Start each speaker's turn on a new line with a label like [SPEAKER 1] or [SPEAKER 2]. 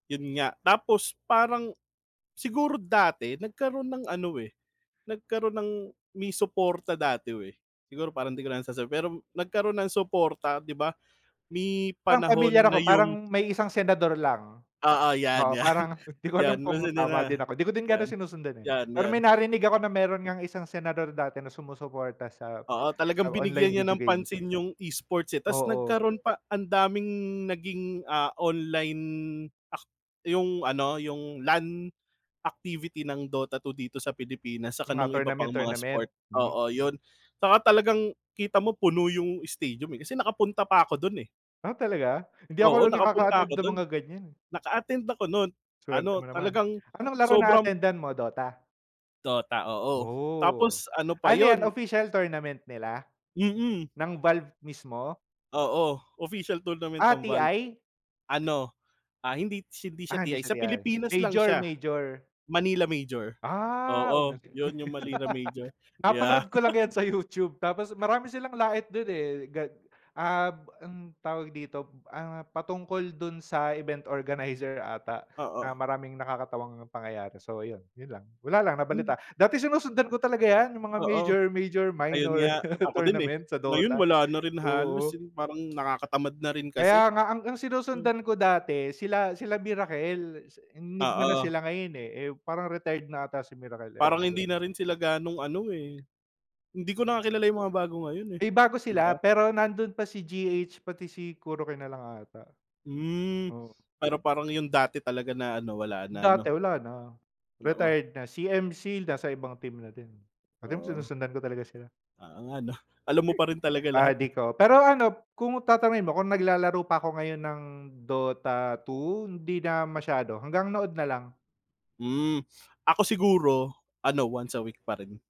[SPEAKER 1] 'Yon nga, tapos, parang, siguro dati nagkaroon ng ano, eh, nagkaroon ng may suporta dati eh. Siguro parang, 'di ko na lang sasabihin, pero nagkaroon ng suporta, 'di ba, may
[SPEAKER 2] Parang
[SPEAKER 1] panahon
[SPEAKER 2] pamilyar ako,
[SPEAKER 1] na
[SPEAKER 2] parang
[SPEAKER 1] yung
[SPEAKER 2] may isang senador lang.
[SPEAKER 1] Oo, 'yan,
[SPEAKER 2] Oo,
[SPEAKER 1] 'yan.
[SPEAKER 2] parang, 'di ko
[SPEAKER 1] 'Yan,
[SPEAKER 2] alam kung
[SPEAKER 1] mosi di
[SPEAKER 2] tama
[SPEAKER 1] nga,
[SPEAKER 2] din ako. 'Di ko din ga'no
[SPEAKER 1] 'yan?
[SPEAKER 2] sinusundan eh.
[SPEAKER 1] 'Yan,
[SPEAKER 2] Pero
[SPEAKER 1] 'yan.
[SPEAKER 2] may narinig ako, na meron ngang isang senador dati, na sumusuporta sa,
[SPEAKER 1] Oo,
[SPEAKER 2] sa
[SPEAKER 1] talagang
[SPEAKER 2] online
[SPEAKER 1] binigyan niya
[SPEAKER 2] video
[SPEAKER 1] ng
[SPEAKER 2] games.
[SPEAKER 1] pansin yung E-sports eh, tas
[SPEAKER 2] Oo.
[SPEAKER 1] nagkaroon pa ang daming naging, ah, online ak yung ano, yung LAN activity ng Dota 2 dito sa Pilipinas, tsaka
[SPEAKER 2] Mga
[SPEAKER 1] no'ng iba pang mga
[SPEAKER 2] tournament-tournament,
[SPEAKER 1] sport.
[SPEAKER 2] hmm.
[SPEAKER 1] Oo, 'yon, tsaka talagang kita mo, puno yung stadium eh, kasi nakapunta pa ako do'n eh.
[SPEAKER 2] Ah, talaga? Hindi ako
[SPEAKER 1] Oo,
[SPEAKER 2] no'n
[SPEAKER 1] nakapunta
[SPEAKER 2] nakaka-attend
[SPEAKER 1] ako
[SPEAKER 2] ng
[SPEAKER 1] do'n.
[SPEAKER 2] mga ganyan, eh.
[SPEAKER 1] Naka-attend ako no'n,
[SPEAKER 2] Swerte
[SPEAKER 1] ano,
[SPEAKER 2] mo naman,
[SPEAKER 1] talagang
[SPEAKER 2] anong laro
[SPEAKER 1] sobrang
[SPEAKER 2] na-attendan mo, Dota?
[SPEAKER 1] Dota, oo,
[SPEAKER 2] Oh,
[SPEAKER 1] tapos ano pa
[SPEAKER 2] ano yan
[SPEAKER 1] 'yon.
[SPEAKER 2] official tournament nila,
[SPEAKER 1] Mm.
[SPEAKER 2] ng Valve mismo?
[SPEAKER 1] Oo, official tournament
[SPEAKER 2] Ah,
[SPEAKER 1] ng Valve.
[SPEAKER 2] TI?
[SPEAKER 1] Ano, ah, hindi hindi siya
[SPEAKER 2] Ah, hindi
[SPEAKER 1] TI
[SPEAKER 2] siya
[SPEAKER 1] sa
[SPEAKER 2] TI
[SPEAKER 1] Pilipinas lang siya,
[SPEAKER 2] major-major.
[SPEAKER 1] Manila Major,
[SPEAKER 2] Ah,
[SPEAKER 1] oo,
[SPEAKER 2] umattend
[SPEAKER 1] 'yon yung Manila Major, yeah.
[SPEAKER 2] napanood ko lang yan sa YouTube, tapos marami silang lait do'n eh, gag ab ang tawag dito, ah, patungkol do'n sa event organizer ata, na
[SPEAKER 1] Oo.
[SPEAKER 2] maraming nakakatawang pangyayari. So, ayun, 'yon lang, wala lang
[SPEAKER 1] Hmm.
[SPEAKER 2] nabalita dati sinusundan ko talaga yan, yung mga
[SPEAKER 1] Oo,
[SPEAKER 2] major-major,
[SPEAKER 1] ayun
[SPEAKER 2] minor
[SPEAKER 1] nga, ako din, eh,
[SPEAKER 2] tournament sa
[SPEAKER 1] ngayon
[SPEAKER 2] Dota,
[SPEAKER 1] wala na rin
[SPEAKER 2] oo.
[SPEAKER 1] halos, hin parang nakakatamad na rin kasi.
[SPEAKER 2] Kaya nga, ang ang
[SPEAKER 1] Hmm.
[SPEAKER 2] sinusundan ko dati sila, sila Miracle, si Enigma na
[SPEAKER 1] Oo.
[SPEAKER 2] sila ngayon eh, eh, parang retired na ata si Miracle, ewan
[SPEAKER 1] Parang
[SPEAKER 2] ko
[SPEAKER 1] hindi na
[SPEAKER 2] do'n.
[SPEAKER 1] rin sila gano'ng ano, eh, hindi ko na nga kilala yung mga bago ngayon, eh,
[SPEAKER 2] May bago
[SPEAKER 1] 'di
[SPEAKER 2] sila,
[SPEAKER 1] ba?
[SPEAKER 2] pero nando'n pa si GH pati si KuroKy na lang ata,
[SPEAKER 1] Hmm,
[SPEAKER 2] oo.
[SPEAKER 1] pero parang yung dati talaga na ano, wala na,
[SPEAKER 2] Dati
[SPEAKER 1] 'no?
[SPEAKER 2] wala na,
[SPEAKER 1] No o.
[SPEAKER 2] retired na. Si MC, nasa ibang team na din, oh, tignan mo
[SPEAKER 1] Oo.
[SPEAKER 2] sinusundan ko talaga sila.
[SPEAKER 1] Oo nga 'no, alam mo pa rin talaga lahat eh.
[SPEAKER 2] Addict oh, pero ano, kung tatanungin mo kung naglalaro pa ako ngayon ng Dota 2, hindi na masyado, hanggang nood na lang.
[SPEAKER 1] Hmm, ako siguro ano, once a week pa rin.